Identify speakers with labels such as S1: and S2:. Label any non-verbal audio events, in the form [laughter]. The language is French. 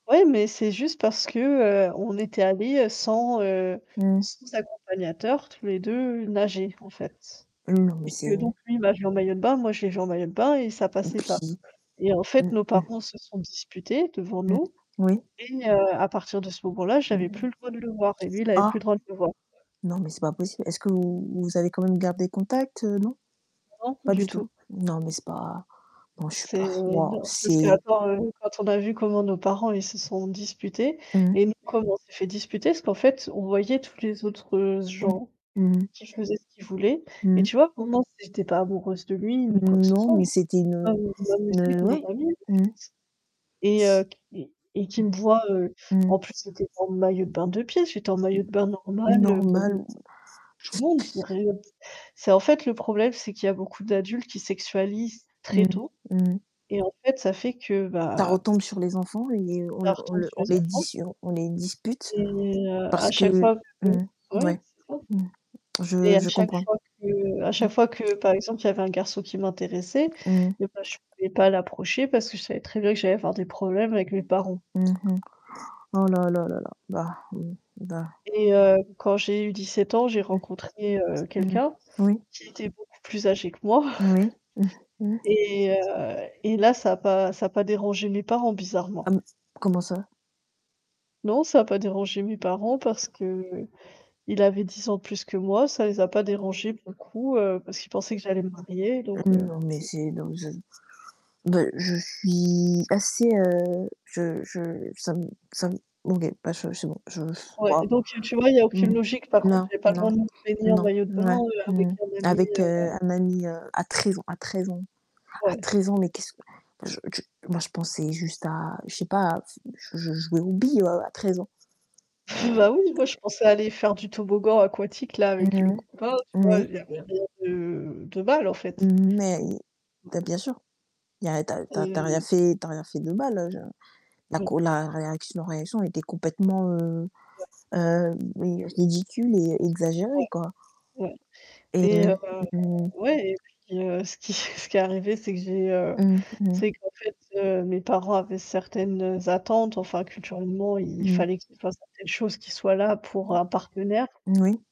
S1: Ouais, mais c'est juste parce que, heu, on était allé, heu, sans, heu,
S2: Mmh.
S1: sans accompagnateur, tous les 2 nager en fait,
S2: Mmh, non, mais
S1: et que
S2: c'est
S1: donc lui il m'a vu en maillot de bain, moi je l'ai vu en maillot de bain, et ça
S2: Et
S1: passait pas,
S2: puis,
S1: et en
S2: mmh,
S1: fait,
S2: mmh
S1: nos parents se sont disputés devant
S2: Mmh,
S1: nous,
S2: oui.
S1: et heu, à partir de ce moment-là, j'avais plus
S2: Mmh.
S1: le droit de le voir, et lui il avait plus le
S2: Ah!
S1: droit de me voir.
S2: Non, mais c'est pas possible. Est-ce que vous vous avez quand même gardé contact, heu, non?
S1: Non,
S2: Pas
S1: du
S2: du tout,
S1: tout
S2: non mais c'est pas bon, je suis pas
S1: c'est
S2: [blows air] waouh
S1: non, parce que
S2: c'est
S1: attends, heu, quand on a vu comment nos parents ils se sont disputés
S2: Mmh mh.
S1: et nous comment on s'est fait disputer, parce qu'en fait, on voyait tous les autres
S2: Mmh.
S1: gens
S2: Mmh mh.
S1: qui faisaient ce qu'ils voulaient,
S2: Mmh
S1: et
S2: mh.
S1: tu vois pour moi c'est j'étais pas amoureuse de lui ni quoi que ce
S2: Non,
S1: soit,
S2: mais
S1: je
S2: c'était une, heu,
S1: m je m'amusais
S2: une,
S1: avec
S2: heu
S1: mon
S2: ouais,
S1: ami en
S2: mmh mh.
S1: fait, et heu,
S2: S
S1: q et et qui me voit, heu
S2: Mmh.
S1: en plus, c'était en maillot de bain 2 pièces. J'étais en maillot de bain normal, heu [unintelligible]
S2: Normal.
S1: tout le monde ré heu, d c'est en fait, le problème c'est qu'il y a beaucoup d'adultes qui sexualisent très
S2: Mmh.
S1: tôt,
S2: Mmh.
S1: et en fait, ça fait que,
S2: Ça
S1: bah
S2: retombe sur les enfants et on
S1: ça
S2: le on
S1: retombe
S2: le
S1: sur
S2: on
S1: les
S2: les
S1: enfants.
S2: dissu on on les dispute
S1: Et heu, à
S2: parce
S1: chaque
S2: que
S1: fois que
S2: mmh,
S1: ouais,
S2: ouais,
S1: c'est ça,
S2: mmh,
S1: et
S2: je
S1: à
S2: je
S1: chaque
S2: comprends.
S1: fois que à
S2: Mmh.
S1: chaque fois que, par exemple, il y avait un garçon qui m'intéressait,
S2: Mmh mh.
S1: et ben je pouvais pas l'approcher parce que je savais très bien que j'allais avoir des problèmes avec mes parents.
S2: Mmh mh. Oh là, là, là, là. Bah, mmh, bah
S1: Et heu, quand j'ai eu 17 ans, j'ai
S2: Mmh.
S1: rencontré, heu,
S2: Mmh mh,
S1: quelqu'un
S2: oui.
S1: qui était beaucoup plus âgé que moi,
S2: Moui. Mmh.
S1: [chuckles]
S2: Mmh.
S1: et heu, et là ça a pas ça a pas dérangé mes parents
S2: Ah
S1: bizarrement.
S2: m comment ça?
S1: Non, ça a pas dérangé mes parents, parce qu'il avait 10 ans de plus que moi, ça les a pas dérangé pour le coup, heu, parce qu'ils pensaient que j'allais me marier, donc
S2: Mmh.
S1: heu
S2: Non, mais c'est donc je bah je suis assez, heu, je je ça me ça me OK bah je c'est bon, je [sighs]
S1: Ouais,
S2: waouh,
S1: donc heu, tu vois, il y a
S2: mmh
S1: aucune
S2: mh,
S1: logique. Par contre,
S2: non,
S1: j'avais pas le
S2: non,
S1: droit de me baigner en
S2: non,
S1: maillot de bain,
S2: ouais,
S1: heu,
S2: mmh,
S1: avec un ami,
S2: avec, heu,
S1: heu
S2: un ami, heu, à 13 ans à 13 ans à
S1: Ouais.
S2: 13 ans, mais qu'est-ce que je je moi je pensais juste à je sais pas f je je jouais aux billes, heu, à 13 ans. Heu,
S1: [chuckles] Bah oui, moi, je pensais aller faire du toboggan aquatique là,
S2: mmh
S1: avec le
S2: mh,
S1: copain, tu vois.
S2: oui.
S1: Il y avait rien de de mal, en fait.
S2: Mais
S1: Ouais.
S2: bah, bien sûr. Il y a tu as tu as tu as rien
S1: Et
S2: fait tu as rien fait de mal, heu, je la
S1: Mmh.
S2: co la réaction réaction était complètement, heu
S1: Ouais.
S2: hem, oui ridicule et
S1: Ouais,
S2: exagérée quoi
S1: ouais
S2: et
S1: et heu,
S2: heu, mmh.
S1: ouais et puis, heu, ce qui [chuckles] ce qui est arrivé c'est que j'ai, heu,
S2: Mmh, mmh.
S1: c'est qu'en fait, heu, mes parents avaient certaines attentes, enfin, culturellement, il
S2: Mmh.
S1: fallait qu'il fasse certaines choses qui soient là pour un partenaire.
S2: Moui.